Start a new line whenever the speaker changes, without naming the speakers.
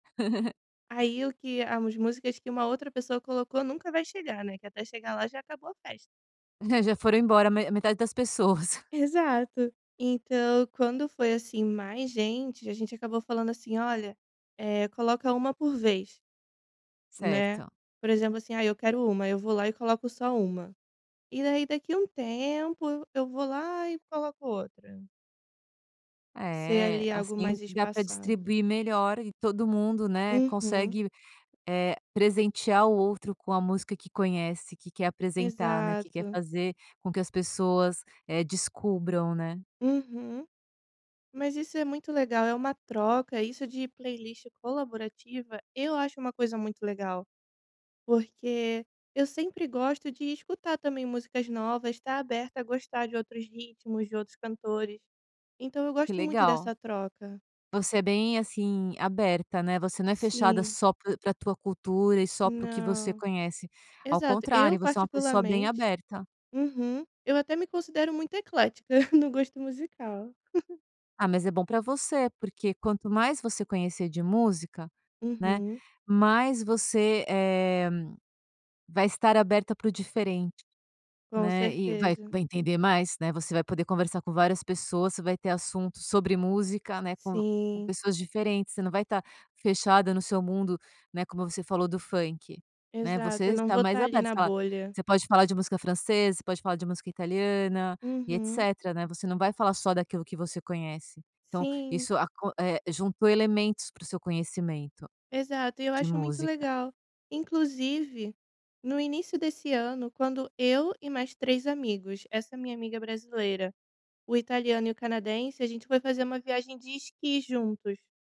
Aí o que as músicas que uma outra pessoa colocou nunca vai chegar, né. Que até chegar lá, já acabou a festa.
Já foram embora ma metade das pessoas.
Exato. Então, quando foi assim mais gente, a gente acabou falando assim: "Olha, eh, coloca 1 por vez". Né.
Certo.
Por exemplo assim, ah, eu quero 1. Aí eu vou lá e coloco só 1. E daí daqui um tempo, eu eu vou lá e coloco outra. Ser,
É,
ali, algo
assim
mais
dá para
espaçado.
distribuir melhor e todo mundo, né,
Uhum.
consegue, eh, presentear o outro com a música que conhece, que quer apresentar, né, que quer
Exato.
fazer com que as pessoas, eh, descubram, né.
Uhum. Mas isso é muito legal, é uma troca. Isso de playlist colaborativa, eu acho uma coisa muito legal. Porque eu sempre gosto de escutar também músicas novas, estar aberta a gostar de outros ritmos, de outros cantores. Então eu
Que
gosto muito
legal.
dessa troca.
Você é bem, assim, aberta, né. Você não é fechada
Sim.
só pra pra tua cultura e só para o que você
Não.
conhece. Ao
Exato,
contrário,
eu
você é uma pessoa bem
particularmente
aberta.
uhum. Eu até me considero muito eclética no gosto musical.
Ah, mas é bom para você, porque quanto mais você conhecer de música, né,
Uhum.
mais você, eh, vai estar aberta para o diferente,
Com
né. E vai
certeza.
vai entender mais, né, você vai poder conversar com várias pessoas, você vai ter assuntos sobre música, né, com com
Sim.
pessoas diferentes. Você não vai estar fechada no seu mundo, né. Como você falou do funk, né,
Exato,
você
eu não
está
vou
mais
estar ali
aberta, você
na
fala
bolha.
você pode falar de música francesa, você pode falar de música italiana e
Uhum.
etcétera, né. Você não vai falar só daquilo que você conhece. Então
Sim.
isso aco eh, juntou elementos para o seu conhecimento
Exato, e eu
de
acho muito
música.
legal. Inclusive, no início desse ano, quando eu e mais 3 amigos; essa minha amiga brasileira, o italiano e o canadense; a gente foi fazer uma viagem de esqui juntos.